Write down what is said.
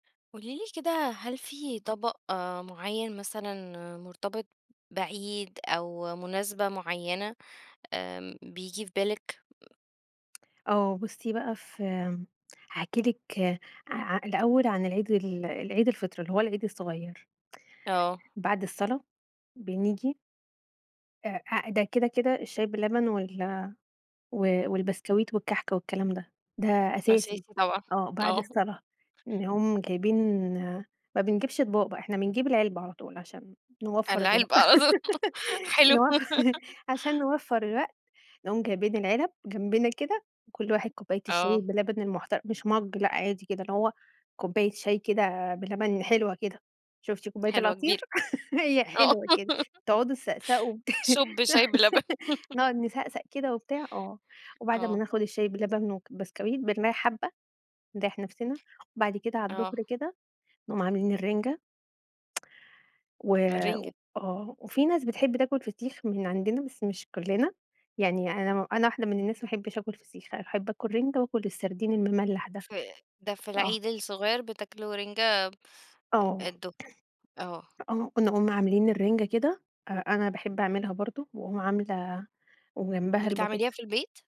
قولي لي كده هل في طبق آآ، معيّن مثلًا مرتبط بعيد أو مناسبة معيّنة آمم، بييجي في بالِك؟ آه بُصي بقى، في إمم، هاحكي لِك آآ، الأوّل عن العيد ال العيد الفطر اللي هو العيد الصغيّر. آه. بعد الصلا بنيجي آآ، ده كده كده الشاي باللبن وال والبسكويت والكحك والكلام ده، ده أساسي اساسي طبعًا، آه، بعد آه. الصلاة، نقوم جايبين ما بنجيبش اطباق إحنا بنجيب العلبة على طول عشان نوفر الوق العلبة أظن حلوة. نو عشان نوفر الوقت، نقوم جايبين العلب جنبنا كده وكل واحد كوباية الشاي آه. باللبن المحتر مش مَج لأ عادي كده اللي هو كوباية شاي كده بلبن حلوة كده، شُفتِ كوباية حلوة كبيرة، العصير هي آه. حلوة كده تقعدوا تسأسأوا شوب شاي باللبن. نقعد نسأسأ كده وبتاع آه، وبعد ما آه. ناخد الشاي باللبن والبسكويت بنريح حبّة، نريح نفسنا، وبعد كده على آه الضهر كده نقوم عاملين الرِنجة، و الرِنجة. آه، وفي ناس بتحب تاكل فسيخ من عندنا بس مش كلنا، يعني أنا أنا واحدة من الناس ما احبش آكُل فسيخ، أحب آكُل رِنجة وآكُل السردين المملَح ده. ف ده في آه. العيد الصغيّر بتاكلوا رِنجة آه. الضهر، آه. آه نقوم عاملين الرِنجة كده، أنا باحب أعملها برضه، وأقوم عاملة وجنبها بتعمليها البطاطس. في البيت؟